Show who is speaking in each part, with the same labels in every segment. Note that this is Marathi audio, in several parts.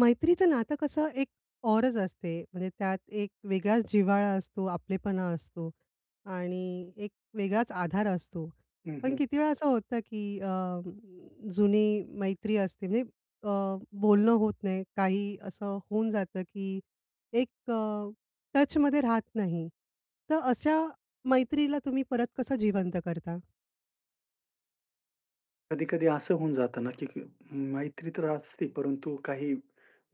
Speaker 1: मैत्रीचं नातं कसं एक औरच असते म्हणजे त्यात एक वेगळाच जिव्हाळा असतो, आपलेपणा असतो आणि एक वेगळाच आधार असतो.
Speaker 2: हं,
Speaker 1: पण
Speaker 2: हं.
Speaker 1: किती वेळा असं होतं की अ, जुनी मैत्री असते नई अ, बोलणं होत नाही, काही असं होऊन जातं की एक अ, टचमध्ये राहत नाही. तर अशा मैत्रीला तुम्ही परत कसं जिवंत करता?
Speaker 2: कधी-कधी असं होऊन जातं ना की क मैत्री तर असते परंतु काही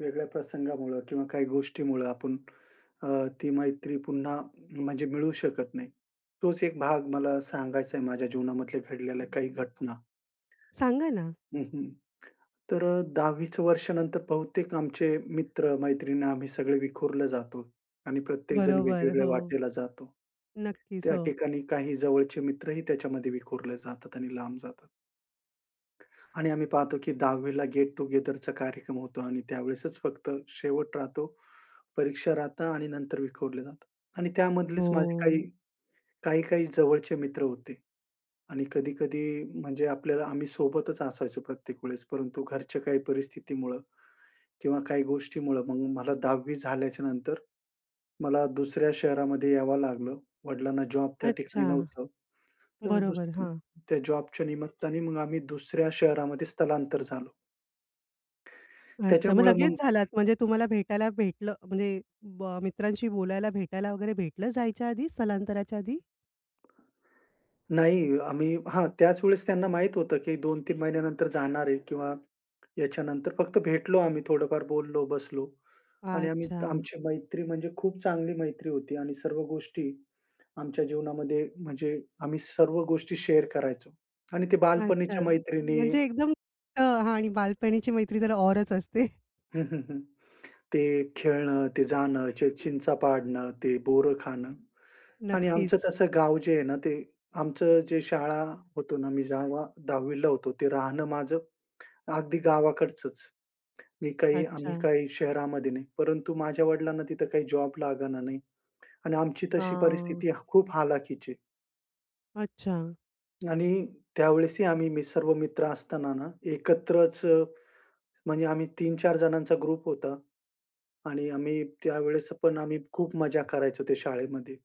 Speaker 2: वेगळ्या प्रसंगामुळं किंवा काही गोष्टीमुळं आपण अ, ती मैत्री पुन्हा म्हणजे मिळू शकत नाही. तोच एक भाग मला सांगायच आहे माझ्या जीवनामधल्या घडलेल्या काही घटना.
Speaker 1: सांगा ना.
Speaker 2: हं, हं. तर अ, 10वी चं वर्षानंतर बहुतेक आमचे मित्र मैत्रिण आम्ही सगळे विखुरले जातो आणि प्रत्येकजण
Speaker 1: बरोबर,
Speaker 2: वेगवेगळ्या
Speaker 1: हो.
Speaker 2: वाटेला जातो,
Speaker 1: नक्कीच
Speaker 2: त्या
Speaker 1: हो.
Speaker 2: ठिकाणी काही जवळचे मित्रही त्याच्यामध्ये विखुरले जातात आणि लांब जातात. आणि आम्ही पाहतो की 10वी ला गेट टुगेदरचा कार्यक्रम होतो आणि त्यावेळेसच फक्त शेवट राहतो, परीक्षा राहतात आणि नंतर विखुरले जातं. आणि त्यामधलेच माझे काही,
Speaker 1: हो.
Speaker 2: काही-काही जवळचे मित्र होते आणि कधी-कधी म्हणजे आपल्याला आम्ही सोबतच असायचो प्रत्येक वेळेस, परंतु घरच्या काही परिस्थितीमुळं किंवा काही गोष्टीमुळं मग मला 10वी झाल्याच्यानंतर मला दुसऱ्या शहरामध्ये यावं लागलं, वडिलांना जॉब त्या ठिकाणी
Speaker 1: अच्छा.
Speaker 2: नव्हतं. तर
Speaker 1: बरोबर. हां.
Speaker 2: [unintelligible] त्या जॉबच्या निमित्ताने मग आम्ही दुसऱ्या शहरामध्ये स्थलांतर झालो.
Speaker 1: अच्छा. मग
Speaker 2: त्याच्यामुळं
Speaker 1: लगेच
Speaker 2: मग
Speaker 1: झालात, म्हणजे तुम्हाला भेटायला भेटलं म्हणजे म मित्रांशी बोलायला भेटायला वगैरे भेटलं जायच्या आधी, स्थलांतराच्या आधी?
Speaker 2: नाही आम्ही हां, त्याच वेळेस त्यांना माहीत होतं, की 2-3 महिन्यानंतर जाणार आहे किंवा याच्यानंतर फक्त भेटलो आम्ही थोडंफार बोललो, बसलो आणि आम्ही
Speaker 1: अच्छा.
Speaker 2: आमची मैत्री म्हणजे खूप चांगली मैत्री होती आणि सर्व गोष्टी आमच्या जीवनामध्ये म्हणजे आम्ही सर्व गोष्टी शेअर करायचो आणि ते
Speaker 1: अच्छा,
Speaker 2: बालपणीच्या मैत्रिणी
Speaker 1: म्हणजे एकदम अ, हां आणि बालपणीची मैत्री जरा औरच असते.
Speaker 2: हं, हं, हं. ते खेळणं, ते जाणं, ते चिंचा पाडणं, ते बोरं खाणं आणि आमचं
Speaker 1: नक्कीच.
Speaker 2: तसं गाव जे आहे ना, ते आमचं जे शाळा होतो ना, मी जेव्हा 10वीला होतो. ते राहणं माझं अगदी गावाकडचंच. मी काही आम्ही
Speaker 1: अच्छा.
Speaker 2: काही शहरामध्ये नाही. परंतु माझ्या वडिलांना तिथं काही जॉब लागला नाही आणि आमची तशी
Speaker 1: आ.
Speaker 2: परिस्थिती खूप ह हलाखीची.
Speaker 1: अच्छा.
Speaker 2: आणि त्यावेळेसही आम्ही, मी सर्व मित्र असताना ना एकत्रच म्हणजे आम्ही 3-4 जणांचा ग्रुप होता आणि आम्ही त्यावेळेस पण आम्ही खूप मजा करायचो त्या शाळेमध्ये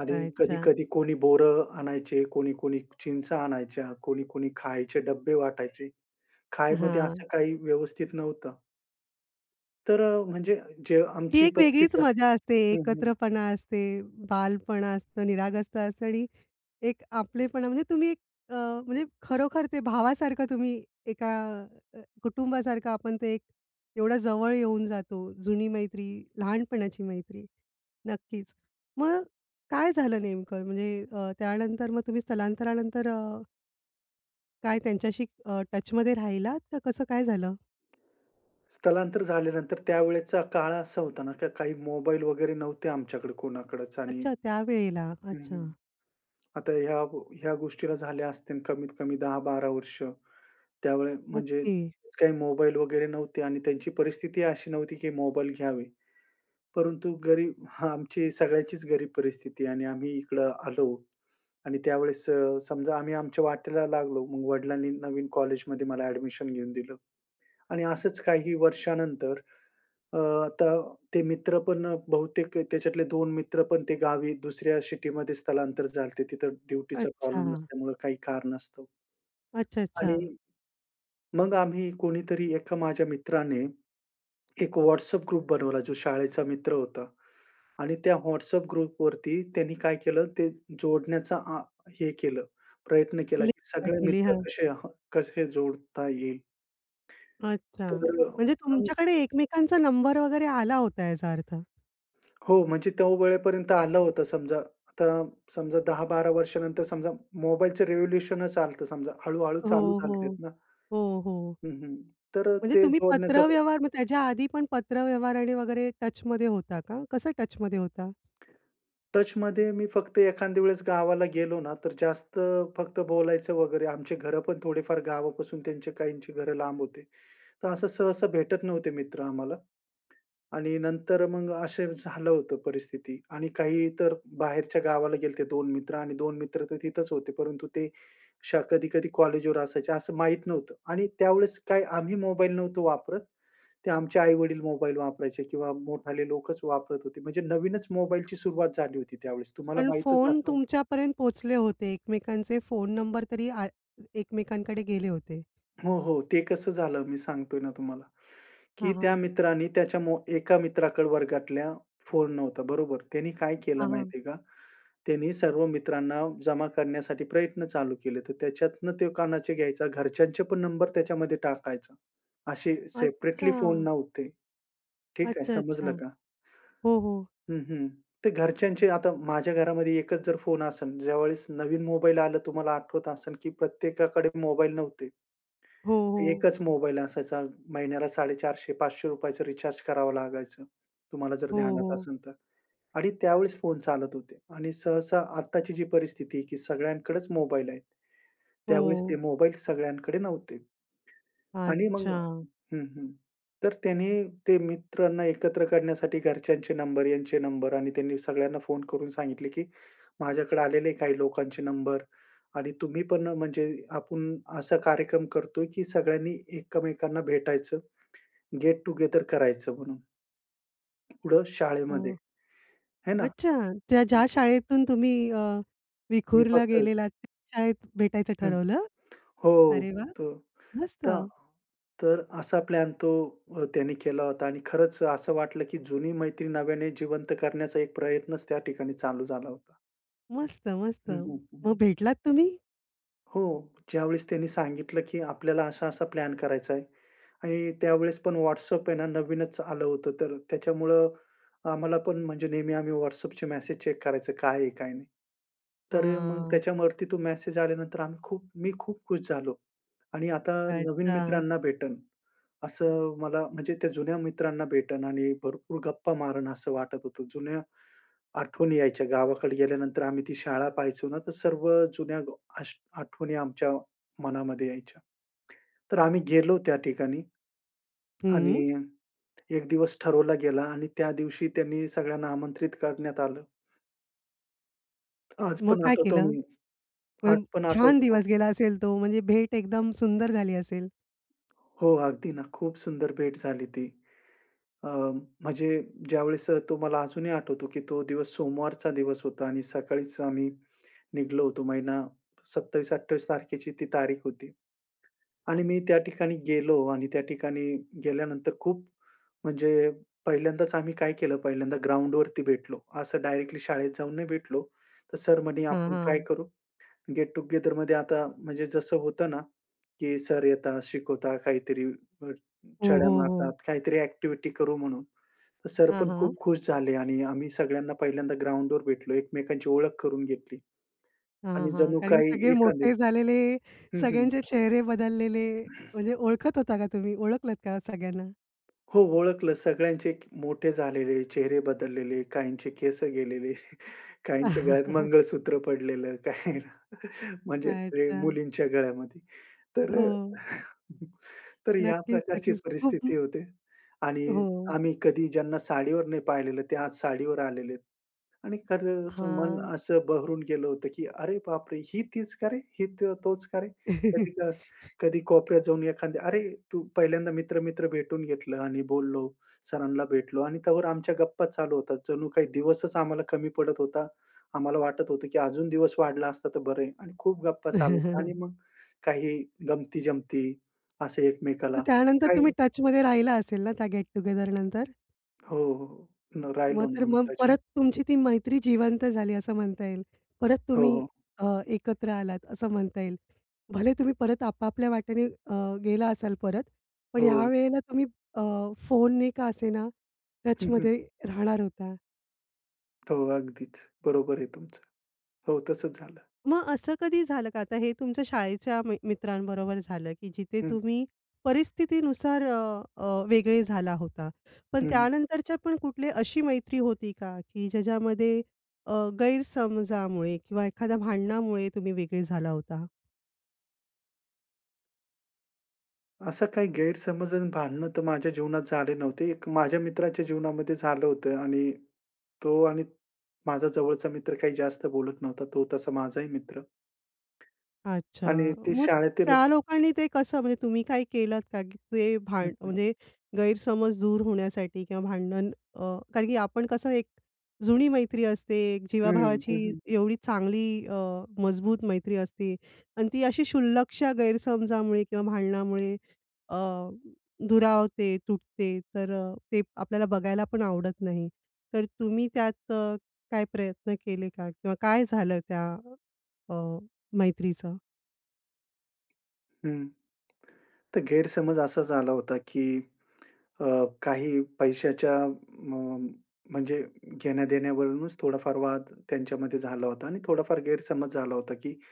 Speaker 2: आणि
Speaker 1: अच्छा.
Speaker 2: कधी-कधी कोणी बोरं आणायचे, कोणी-कोणी चिंचा आणायच्या, कोणी-कोणी खायचे डब्बे वाटायचे. खाण्यामध्ये
Speaker 1: हां.
Speaker 2: असं काही व्यवस्थित नव्हतं. तर अ, म्हणजे जे
Speaker 1: ती
Speaker 2: आमची
Speaker 1: एक वेगळीच
Speaker 2: परिस्थिती
Speaker 1: मजा असते,
Speaker 2: आहे हं, हं.
Speaker 1: एकत्रपणा असते, बालपणा असतं, निरागसता असतं आणि एक आपलेपणा. म्हणजे तुम्ही अ, म्हणजे खरोखर ते भावासारखं तुम्ही एका अ, कुटुंबासारखं आपण ते एक एवढा जवळ येऊन जातो, जुनी मैत्री, लहानपणाची मैत्री, नक्कीच. मग काय झालं नेमकं? म्हणजे अ, त्यानंतर मग तुम्ही स्थलांतरानंतर अ काय त्यांच्याशी अ, टचमध्ये राहिलात का कसं काय झालं?
Speaker 2: स्थलांतर झाल्यानंतर त्यावेळेचा काळ असा होता ना, की काही मोबाईल वगैरे नव्हते आमच्याकडे कोणाकडच आणि
Speaker 1: अच्छा त्यावेळेला?
Speaker 2: हं, हं,
Speaker 1: अच्छा.
Speaker 2: आता ह्या, ह्या गोष्टीला झाल्या असतील कमीतकमी 10-12 वर्ष. त्यावेळी म्हणजे
Speaker 1: ओके.
Speaker 2: काही मोबाईल वगैरे नव्हते आणि त्यांची परिस्थिती अशी नव्हती की मोबाईल घ्यावे. परंतु गरीब हां, आमची सगळ्याचीच गरीब परिस्थिती आहे आणि आम्ही इकडं आलो आणि त्यावेळेस समजा आम्ही आमच्या वाटेला लागलो. मग वडिलांनी नवीन कॉलेजमध्ये मला एडमिशन घेऊन दिलं आणि असंच काही वर्षानंतर, अ, आता ते मित्र पण बहुतेक त्याच्यातले 2 मित्र पण ते गावी दुसऱ्या सिटीमध्ये स्थलांतर झालते तिथं ड्युटीचा प्रॉब्लेम
Speaker 1: अच्छा.
Speaker 2: असल्यामुळं काही कारणास्तव.
Speaker 1: अच्छा,
Speaker 2: आणि
Speaker 1: अच्छा.
Speaker 2: मग आम्ही कोणीतरी एका माझ्या मित्राने एक व्हॉट्सॲप ग्रुप बनवला जो शाळेचा मित्र होता आणि त्या व्हॉट्सॲप ग्रुपवरती त्यांनी काय केलं, ते जोडण्याचा अ हे केलं, प्रयत्न केला
Speaker 1: लिंक
Speaker 2: की सगळे
Speaker 1: पाठवली,
Speaker 2: मित्र
Speaker 1: हां.
Speaker 2: कसे ह, कसे जोडता येईल.
Speaker 1: अच्छा,
Speaker 2: तर,
Speaker 1: म्हणजे
Speaker 2: हं.
Speaker 1: तुमच्याकडे एकमेकांचा नंबर वगैरे आला होता याचा अर्थ?
Speaker 2: हो, म्हणजे त्या वेळेपर्यंत आलं होतं समजा. आता समजा 10-12 वर्षानंतर समजा मोबाईलचं रेवोल्युशनचं आलतं समजा, हळू-हळू चालू
Speaker 1: हो,
Speaker 2: झालते
Speaker 1: हो.
Speaker 2: ना.
Speaker 1: हो, हो.
Speaker 2: हं, हं. तर
Speaker 1: म्हणजे
Speaker 2: ते
Speaker 1: तुम्ही
Speaker 2: जोडण्याचा,
Speaker 1: पत्रव्यवहार म्हणजे त्याच्या आधी पण पत्रव्यवहार आणि वगैरे टचमध्ये होता का? कसं टचमध्ये होता?
Speaker 2: टचमध्ये मी फक्त एखाद्या वेळेस गावाला गेलो ना, तर जास्त अ, फक्त बोलायचं वगैरे. आमची घरं पण थोडेफार गावापासून त्यांचे काहींची घरं लांब होते. तर असं सहसा भेटत नव्हते मित्र आम्हाला. आणि नंतर मग असं झालं होतं परिस्थिती. आणि काही तर बाहेरच्या गावाला गेले होते, 2 मित्र आणि 2 मित्र तर तिथंच होते, परंतु ते श कधी-कधी कॉलेजवर असायचे असं माहीत नव्हतं. आणि त्यावेळेस काय आम्ही मोबाईल नव्हतो वापरत. ते आमचे आई-वडील मोबाईल वापरायचे किंवा मोठाले लोकचं वापरत होते म्हणजे नवीनचं मोबाईलची सुरुवात झाली होती त्यावेळेस. तुम्हाला
Speaker 1: पण
Speaker 2: माहीतचं
Speaker 1: फोन
Speaker 2: असेल.
Speaker 1: तुमच्यापर्यंत पोहोचले होते. एकमेकांचे फोन नंबर तरी आ एकमेकांकडे गेले होते.
Speaker 2: हो, हो. ते कसं झालं, मी सांगतोय ना तुम्हाला की
Speaker 1: हां,
Speaker 2: त्या
Speaker 1: हां.
Speaker 2: मित्राने त्याच्या मो एका मित्राकडे वर्गातल्या फोन नव्हता बरोबर. त्यांनी काय केलं
Speaker 1: हां, हां.
Speaker 2: माहिती आहे का, त्यांनी सर्व मित्रांना जमा करण्यासाठी प्रयत्न चालू केले. तर त्याच्यातनं ते कोणाचे घ्यायचा, घरच्यांचे पण नंबर त्याच्यामध्ये टाकायचा असे सेपरेटली फोन
Speaker 1: अच्छा!
Speaker 2: नव्हते. ठीक आहे
Speaker 1: अच्छा, अच्छा.
Speaker 2: समजलं का?
Speaker 1: हो, हो.
Speaker 2: हं, हं. ते घरच्यांचे आता माझ्या घरामध्ये एकचं जर फोन असेन, ज्यावेळेस नवीन मोबाईल आला, तुम्हाला आठवत असेन की प्रत्येकाकडे मोबाईल नव्हते
Speaker 1: हो, हो.
Speaker 2: 1चं मोबाईल असायचा. महिन्याला ₹450-500चं रिचार्ज करावं लागायचं. तुम्हाला जर
Speaker 1: हो,
Speaker 2: ध्यानात
Speaker 1: हो.
Speaker 2: असेल तर, आणि त्यावेळेस फोन चालत होते. आणि सहसा आत्ताची जी परिस्थिती की सगळ्यांकडेचं मोबाईल आहेत. त्यावेळेस ते
Speaker 1: हो.
Speaker 2: मोबाईल सगळ्यांकडे नव्हते. आणि मग
Speaker 1: अच्छा.
Speaker 2: हं, हं. तर त्यांनी ते मित्रांना एकत्र करण्यासाठी घरच्यांचे नंबर, यांचे नंबर आणि त्यांनी सगळ्यांना फोन करून सांगितले की माझ्याकडे आलेले काही लोकांचे नंबर, आणि तुम्ही पण ना म्हणजे आपण असा कार्यक्रम करतोय की सगळ्यांनी एकमेकांना भेटायचं गेट टु गेदर करायचं म्हणून. कुठे? शाळेमध्ये.
Speaker 1: हां.
Speaker 2: आहे ना?
Speaker 1: अच्छा. त्या ज्या शाळेतून तुम्ही अ,
Speaker 2: मी
Speaker 1: विखुरला
Speaker 2: फक्त
Speaker 1: गेलेलातं, त्या शाळेत भेटायचं
Speaker 2: हं.
Speaker 1: ठरवलं.
Speaker 2: हो.
Speaker 1: अरे वाह!
Speaker 2: त
Speaker 1: मस्त!
Speaker 2: त तर असा प्लॅन तो अ, त्यांनी केला होता आणि खरचं असं वाटलं की जुनी मैत्रीण नव्याने जिवंत करण्याचा, एक प्रयत्नच त्या ठिकाणी चालू झाला होता.
Speaker 1: मस्त, मस्त.
Speaker 2: हं, हं, हं,
Speaker 1: मग
Speaker 2: हं.
Speaker 1: भेटलात तुम्ही?
Speaker 2: हो, ज्यावेळेस त्यांनी सांगितलं की आपल्याला असा-असा प्लॅन करायचा आहे आणि त्यावेळेस पण व्हॉट्सॲप आहे ना, नवीनच आलं होतं, तर त्याच्यामुळं आम्हाला पण, म्हणजे नेहमी आम्ही व्हॉट्सॲपचे मेसेज चेक करायचो, काय आहे? काय नाही? तर मग
Speaker 1: आह!
Speaker 2: त्याच्यावरती तो मेसेज आल्यानंतर आम्ही खूप मी खूप खुश झालो आणि आता नवीन
Speaker 1: अच्छा.
Speaker 2: मित्रांना भेटेन. असं मला म्हणजे त्या जुन्या मित्रांना भेटेन आणि भरपूर गप्पा मारेल असं वाटत होतं. जुन्या आठवणी यायच्या. गावाकडे गेल्यानंतर आम्ही ती शाळा पाहायचो ना, तर सर्व जुन्या गो अश आठवणी आमच्या मनामध्ये यायच्या. तर आम्ही गेलो त्या ठिकाणी,
Speaker 1: हं.
Speaker 2: आणि 1 दिवस ठरवला गेला आणि त्या दिवशी त्यांनी सगळ्यांना आमंत्रित करण्यात आलं. आज
Speaker 1: मग
Speaker 2: पण
Speaker 1: काय
Speaker 2: आठवतो
Speaker 1: केलं?
Speaker 2: मी, आज
Speaker 1: पण
Speaker 2: पण
Speaker 1: छान
Speaker 2: आठवतो.
Speaker 1: दिवस गेला असेल तो, म्हणजे भेट एकदम सुंदर झाली असेल.
Speaker 2: हो, अगदी ना, खूप सुंदर भेट झाली ती. अ, म्हणजे ज्यावेळेस, तो मला अजून ही आठवतो की तो दिवस, सोमवारचा दिवस होता आणि सकाळीच आम्ही निघालो होतो. महिना 27-28 तारखेची ती तारीख होती आणि मी त्या ठिकाणी गेलो आणि त्या ठिकाणी गेल्यानंतर, खूप म्हणजे पहिल्यांदाच आम्ही काय केलं? पहिल्यांदा ग्राउंडवरती भेटलो. असं डायरेक्टली शाळेत जाऊन नाही भेटलो. तर सर म्हणे,
Speaker 1: हां,
Speaker 2: "आपण काय
Speaker 1: हां.
Speaker 2: करू?" गेट टू गेदरमध्ये आता, म्हणजे जसं होतं ना, की सर येतात, शिकवतात काहीतरी, [unintelligible]
Speaker 1: हो,
Speaker 2: छड्या
Speaker 1: हो, हो.
Speaker 2: मारतात, काहीतरी ॲक्टिविटी करू म्हणून. तर सर
Speaker 1: हां,
Speaker 2: पण खूप
Speaker 1: हां.
Speaker 2: खुश झाले आणि आम्ही सगळ्यांना पहिल्यांदा ग्राउंडवर भेटलो, एकमेकांची ओळख करून घेतली
Speaker 1: हां, हां,
Speaker 2: आणि
Speaker 1: हां,
Speaker 2: जणू
Speaker 1: कारण की
Speaker 2: काही
Speaker 1: सगळे मोठे
Speaker 2: एखादे
Speaker 1: झालेले,
Speaker 2: हं, हं.
Speaker 1: सगळ्यांचे चेहरे बदललेले, म्हणजे ओळखत होता का तुम्ही, ओळखलात का सगळ्यांना?
Speaker 2: हो, ओळखलं सगळ्यांचे मोठे झालेले, चेहरे बदललेले, काहींचे केस गेलेले. काहींच्या गळ्यात मंगळसूत्र पडलेलं, काही म्हणजे प्रे
Speaker 1: अच्छा.
Speaker 2: मुलींच्या गळ्यामध्ये. तर अ,
Speaker 1: हो.
Speaker 2: तर या
Speaker 1: नक्कीच,
Speaker 2: प्रकारची
Speaker 1: नक्कीच. खूप
Speaker 2: परिस्थिती होते आणि
Speaker 1: हो.
Speaker 2: आम्ही कधी ज्यांना साडीवर नाही पाहिलेलं ते आज साडीवर आलेलेत. आणि, खरंच मन
Speaker 1: हां.
Speaker 2: असं बहरून गेलं होतं, की "अरे बापरे! ही तीच का रे? ही तो, तोच का रे?" कधी क कधी कोपऱ्यात जाऊन एखाद्या "अरे तू!" पहिल्यांदा मित्र-मित्र भेटून घेतलं आणि बोललो. सरांना भेटलो आणि तोवर आमच्या गप्पा चालू होता. जणू काही दिवसच आम्हाला कमी पडत होता, आम्हाला वाटत होतं की अजून दिवस वाढला असता तर बरंय आणि खूप गप्पा चालायच्या आणि मग काही गमती-जमती असे
Speaker 1: मग
Speaker 2: एकमेकाला.
Speaker 1: त्यानंतर
Speaker 2: काही
Speaker 1: तुम्ही टचमध्ये राहिला असेल ना त्या गेट-टुगेदरनंतर?
Speaker 2: हो, हो. राहिलो
Speaker 1: मग
Speaker 2: ना,
Speaker 1: तर
Speaker 2: आम्ही
Speaker 1: मग
Speaker 2: टचमध्ये.
Speaker 1: परत, तुमची ती मैत्री जिवंत झाली असं म्हणता येईल? परत
Speaker 2: हो,
Speaker 1: तुम्ही
Speaker 2: हो.
Speaker 1: अ, एकत्र आलात असं म्हणता येईल. भले तुम्ही परत आपापल्या वाटेने अ, गेला असाल परत. पण
Speaker 2: हो.
Speaker 1: ह्यावेळेला तुम्ही अ, फोन ने का असेना
Speaker 2: हं, हं,
Speaker 1: टचमध्ये
Speaker 2: हं, हं.
Speaker 1: राहणार होता.
Speaker 2: हो, अगदीच. बरोबर आहे तुमचं. हो, तसंच झालं.
Speaker 1: मग असं कधी झालं का? आता हे तुमच्या शाळेच्या मि मित्रांबरोबर झालं की जिथे
Speaker 2: हं.
Speaker 1: तुम्ही परिस्थितीनुसार अ, अ, वेगळे झाला होता. पण
Speaker 2: हं, हं.
Speaker 1: त्यानंतरच्या पण कुठली अशी मैत्री होती का की ज्याच्यामध्ये अ, गैरसमजामुळे किंवा एखाद्या भांडणामुळे तुम्ही वेगळे झाला होता?
Speaker 2: असं काही गैरसमज आणि भांडणं तर माझ्या जीवनात झाले नव्हते. एक माझ्या मित्राच्या जीवनामध्ये झालं होतं आणि तो आणि माझा जवळचा मित्र काही जास्त बोलत नव्हता, तो तसा माझा ही मित्र आणि
Speaker 1: अच्छा.
Speaker 2: ते
Speaker 1: मग
Speaker 2: शाळेतीलच
Speaker 1: त्या लोकांनी ते कसं? म्हणजे तुम्ही काय केलत का? की ते
Speaker 2: हं,
Speaker 1: भांडण,
Speaker 2: हं.
Speaker 1: म्हणजे गैरसमज दूर होण्यासाठी किंवा भांडण अ, कारण की आपण कसं एक जुनी मैत्री असते,
Speaker 2: हम्म. हं,
Speaker 1: जीवाभावाची,
Speaker 2: हं.
Speaker 1: एवढी चांगली अ, मजबूत मैत्री असते आणि ती अशी शुल्लकशा गैरसमजामुळे किंवा भांडणामुळे अ, दुरावते, तुटते. तर अ, ते आपल्याला बघायला पण आवडत नाही, तर तुम्ही त्यात काय प्रयत्न केले का किंवा काय झालं त्या अ, मैत्रीचं?
Speaker 2: हं, तर गैरसमज असा झाला होता की अ, काही पैशाच्या म म्हणजे घेण्या-देण्यावरूनच थोडाफार वाद त्यांच्यामध्ये झाला होता आणि थोडाफार गैरसमज झाला होता की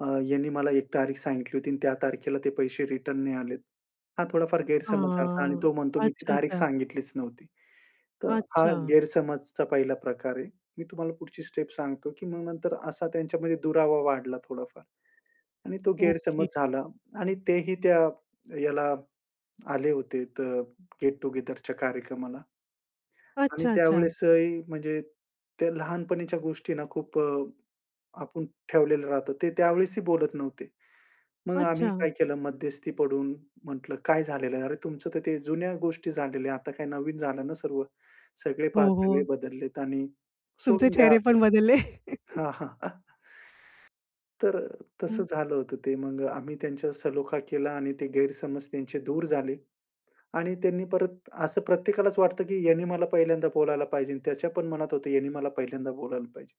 Speaker 2: अ, "यांनी मला एक तारीख सांगितली होती आणि त्या तारखेला ते पैसे रिटर्न नाही आलेत." हा थोडाफार गैरसमज झाला आणि
Speaker 1: हां,
Speaker 2: तो म्हणतो, "मी ती
Speaker 1: अच्छा,
Speaker 2: तारीख
Speaker 1: अच्छा.
Speaker 2: सांगितलीच नव्हती". तर हा
Speaker 1: अच्छा.
Speaker 2: गैरसमजचा पहिला प्रकार आहे. मी तुम्हाला पुढची स्टेप सांगतो की मग नंतर असा त्यांच्यामध्ये दुरावा वाढला, थोडाफार आणि तो गैरसमज
Speaker 1: ओके.
Speaker 2: झाला आणि ते ही त्या ह्याला आले होते, तर अ, गेट टु गेदरच्या कार्यक्रमाला आणि
Speaker 1: अच्छा, अच्छा.
Speaker 2: त्यावेळेस ही, म्हणजे त्या लहानपणीच्या गोष्टींना खूप अ, आपण ठेवलेलं राहतं, ते त्यावेळेस ही बोलत नव्हते. मग आम्ही
Speaker 1: अच्छा.
Speaker 2: काय केलं? मध्यस्थी पडून म्हटलं, "काय झालेलं आहे अरे? तुमचं तर ते जुन्या गोष्टी झालेल्या आहेत, आता काय नवीन झालं ना सर्वं. सगळे
Speaker 1: हो,
Speaker 2: पहा, सगळे
Speaker 1: हो.
Speaker 2: बदललेत आणि
Speaker 1: तुमचे
Speaker 2: सोडून द्या
Speaker 1: चेहरे
Speaker 2: आता."
Speaker 1: पण बदलले.
Speaker 2: हां, हां, तर अ, तसं
Speaker 1: हं.
Speaker 2: झालं होतं ते. मग आम्ही त्यांच्या सलोखा केला आणि ते गैरसमज त्यांचे दूर झाले आणि त्यांनी परत असं प्रत्येकालाच वाटतं की यांनी मला पहिल्यांदा बोलायला पाहिजेन आणि त्याच्या पण मनात होतं यांनी मला पहिल्यांदा बोलायला पाहिजे.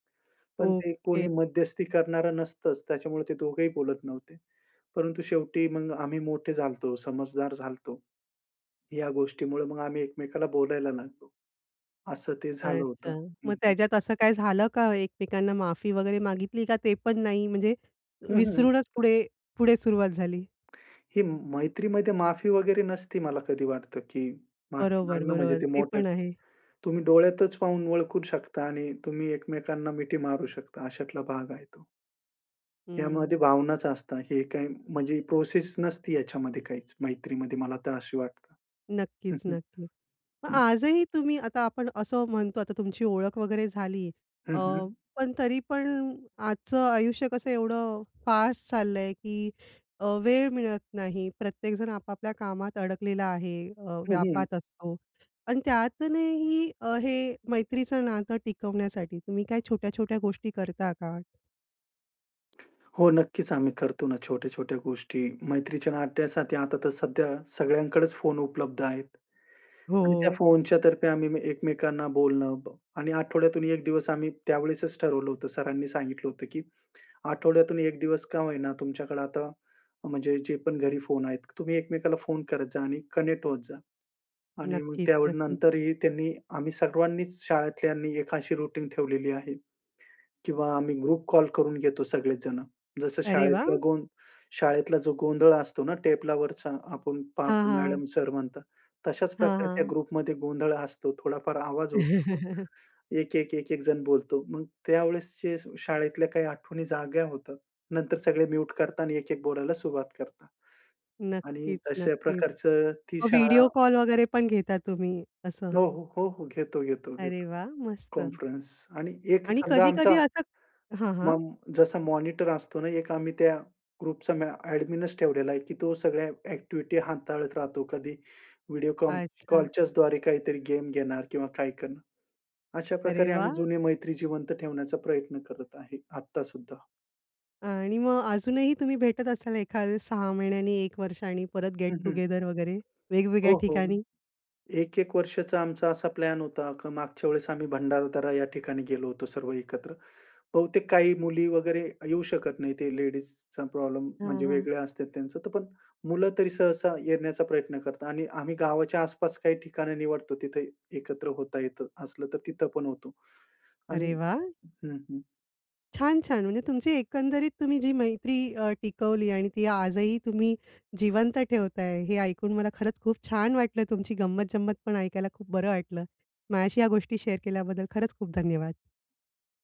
Speaker 2: पण ते
Speaker 1: ओके.
Speaker 2: कोणी मध्यस्थी करणारं नसतंच, त्याच्यामुळे ते दोघं ही बोलत नव्हते. परंतु शेवटी मग आम्ही मोठे झालो होतो, समजदार झालो होतो. ह्या गोष्टीमुळे मग आम्ही एकमेकाला बोलायला लागलो. असं ते झालं होतं.
Speaker 1: अच्छा,
Speaker 2: हं,
Speaker 1: मग
Speaker 2: हं.
Speaker 1: त्याच्यात असं काय झालं का? एकमेकांना माफी वगैरे मागितली का ते पण नाही? म्हणजे
Speaker 2: हं, हं.
Speaker 1: विसरूनच पुढे, पुढे सुरुवात झाली?
Speaker 2: ही मैत्रीमध्ये माफी वगैरे नसती, मला कधी वाटतं की माफी
Speaker 1: बरोबर,
Speaker 2: मागणं, म्हणजे
Speaker 1: बरोबर.
Speaker 2: ते
Speaker 1: ते
Speaker 2: मोठं,
Speaker 1: पण आहे.
Speaker 2: तुम्ही डोळ्यातच पाहून ओळखू शकता आणि तुम्ही एकमेकांना मिठी मारू शकता. अशातला भाग आहे तो. यामध्ये
Speaker 1: हं.
Speaker 2: भावनाच असतं, हे काही म्हणजे प्रोसेस नसती ह्याच्यामध्ये काहीच मैत्रीमध्ये, मला तर अशी वाटतं.
Speaker 1: नक्कीच,
Speaker 2: हं, हं.
Speaker 1: नक्की.
Speaker 2: हं.
Speaker 1: आजही तुम्ही आता आपण असं म्हणतो, आता तुमची ओळख वगैरे झाली
Speaker 2: हं,
Speaker 1: अ,
Speaker 2: हं.
Speaker 1: पण तरी पण आजचं आयुष्य कसं एवढं फास्ट चाललंय की अ, वेळ मिळत नाही. प्रत्येकजण आपापल्या कामात अडकलेला आहे अ,
Speaker 2: हं, हं.
Speaker 1: व्यापात असतो त्यातनंही हे मैत्रीचं नातं टिकवण्यासाठी तुम्ही काय छोट्या-छोट्या गोष्टी करता का?
Speaker 2: हो, नक्कीच. आम्ही करतो ना, छोट्या-छोट्या गोष्टी मैत्रीच्या नात्यासाठी आता तर सध्या सगळ्यांकडेच फोन उपलब्ध आहेत आणि त्या
Speaker 1: हो.
Speaker 2: फोनच्या तर्फे आम्ही एकमेकांना बोलणं ब आणि आठवड्यातून 1 आम्ही त्यावेळेसच ठरवलं होतं, सरांनी सांगितलं होतं की आठवड्यातून 1 दिवस का होईना, तुमच्याकडे आता म्हणजे जे पण घरी फोन आहेत, तुम्ही एकमेकाला फोन करत जा आणि कनेक्ट होत जा. आणि मग
Speaker 1: नक्कीच,
Speaker 2: त्यावेळी
Speaker 1: नक्कीच.
Speaker 2: नंतरही त्यांनी आम्ही सर्वांनीच शाळेतल्यांनी एक अशी रुटीन ठेवलेली आहे, किंवा आम्ही ग्रुप कॉल करून घेतो, सगळेच जणं. जसं
Speaker 1: अरे
Speaker 2: शाळेतला
Speaker 1: वाह!
Speaker 2: गों शाळेतला जो गोंधळ असतो ना, टेबलावरचा आपण
Speaker 1: हां,
Speaker 2: पाहतो,
Speaker 1: हां.
Speaker 2: मॅडम, सर म्हणतात, तशाच
Speaker 1: हां,
Speaker 2: प्रकारे त्या
Speaker 1: हां.
Speaker 2: ग्रुपमध्ये गोंधळ असतो, थोडाफार आवाज होतो. 1-1-1-1 जण बोलतो. मग त्यावेळेस जे शाळेतल्या काही आठवणी जाग्या होतात, नंतर सगळे म्युट करतात आणि 1-1 बोलायला सुरुवात करतात आणि
Speaker 1: नक्कीच,
Speaker 2: तशा
Speaker 1: नक्कीच.
Speaker 2: प्रकारचं ती
Speaker 1: मग
Speaker 2: शाळा
Speaker 1: व्हिडिओ कॉल वगैरे पण घेता तुम्ही, असं?
Speaker 2: हो, हो. हो, हो. घेतो, घेतो,
Speaker 1: अरे
Speaker 2: घेतो,
Speaker 1: वाह! मस्त.
Speaker 2: कॉन्फरन्स आणि एक
Speaker 1: आणि
Speaker 2: समजा,
Speaker 1: कधी-कधी
Speaker 2: आमचा
Speaker 1: असं हां, हां.
Speaker 2: मम जसा मॉनिटर असतो ना, एक आम्ही त्या ग्रुपचा म्या ॲडमिनचं ठेवलेला आहे की तो सगळ्या ॲक्टिव्हिटी हाताळत राहतो. कधी व्हिडिओ कॉल
Speaker 1: अच्छा.
Speaker 2: कॉलच्या द्वारे काहीतरी गेम घेणार किंवा काय करनार.
Speaker 1: अरे
Speaker 2: अशाप्रकारे आम्ही
Speaker 1: वाह!
Speaker 2: जुने मैत्री जिवंत ठेवण्याचा प्रयत्न करत आहे, आत्ता सुद्धा.
Speaker 1: आणि मग अजूनही तुम्ही भेटत असाल, एखाद्या 6 महिन्यांनी, 1 वर्ष आणि परत गेट
Speaker 2: हं,
Speaker 1: टु
Speaker 2: हं,
Speaker 1: गेदर वगैरे, वेगवेगळ्या
Speaker 2: हो, हो.
Speaker 1: ठिकाणी?
Speaker 2: 1-1 वर्षाचा आमचा असा प्लॅन होता का मागच्या वेळेस आम्ही भंडारदरा या ठिकाणी गेलो होतो, सर्व एकत्र. बहुतेक काही मुली वगैरे येऊ शकत नाहीत ते लेडीजचा प्रॉब्लेम,
Speaker 1: हां,
Speaker 2: म्हणजे
Speaker 1: हां.
Speaker 2: वेगळे असतात त्यांचं. तर पण मुलं तरी सहसा येण्याचा प्रयत्न करतात आणि आम्ही गावाच्या आस-पास काही ठिकाणं निवडतो. तिथं एकत्र होता येतं असलं तर, तिथं पण होतो. आणि
Speaker 1: अरे वाह!
Speaker 2: हं, हं.
Speaker 1: छान! छान! म्हणजे तुमची एकंदरीत, तुम्ही जी मैत्री अ, टिकवली आणि ती आजही तुम्ही जिवंत ठेवताय, हे ऐकून मला खरंच खूप छान वाटलं, तुमची गंमत-जंमत पण ऐकायला खूप बरं वाटलं. माझ्याशी या गोष्टी शेअर केल्याबद्दल, खरंच खूप धन्यवाद.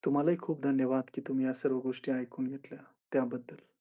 Speaker 2: तुम्हालाही खूप धन्यवाद की तुम्ही या सर्व गोष्टी ऐकून घेतल्या, त्याबद्दल.